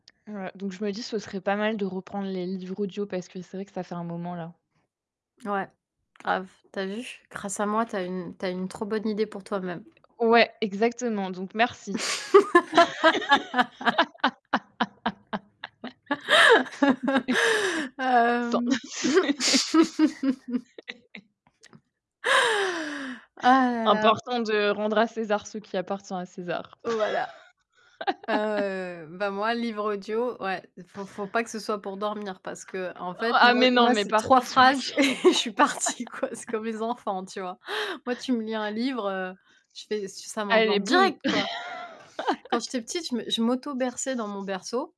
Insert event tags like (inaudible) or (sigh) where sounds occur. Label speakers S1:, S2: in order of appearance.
S1: Voilà, donc, je me dis: «Ce serait pas mal de reprendre les livres audio, parce que c'est vrai que ça fait un moment, là».
S2: Ouais, grave, tu as vu? Grâce à moi, tu as une tu as une trop bonne idée pour toi-même.
S1: Ouais, exactement, donc
S2: (laughs) (laughs) (laughs)
S1: merci. (laughs)
S2: (laughs) (laughs)
S1: (laughs) (laughs) (laughs) OK.
S2: Hem (laughs) (laughs)
S1: (unintelligible) (laughs) (laughs)
S2: Ah là là!
S1: Important de rendre à César ce qui appartient à César.
S2: Voilà,
S1: (laughs)
S2: heu, bah moi, livre audio, ouais, faut faut pas que ce soit pour dormir, parce qu'en fait,
S1: Ah,
S2: moi
S1: mais non,
S2: moi,
S1: mais
S2: c'est
S1: par
S2: 3
S1: contre (unintelligible)
S2: phrases et je suis partie, quoi, c'est comme les
S1: (laughs)
S2: enfants, tu vois? Moi, tu me lis 1 livre, heu, je fais ça m'endort
S1: Allez boum!
S2: direct, quoi. Quand j'étais
S1: (laughs)
S2: petite, je me je m'auto-berçais dans mon berceau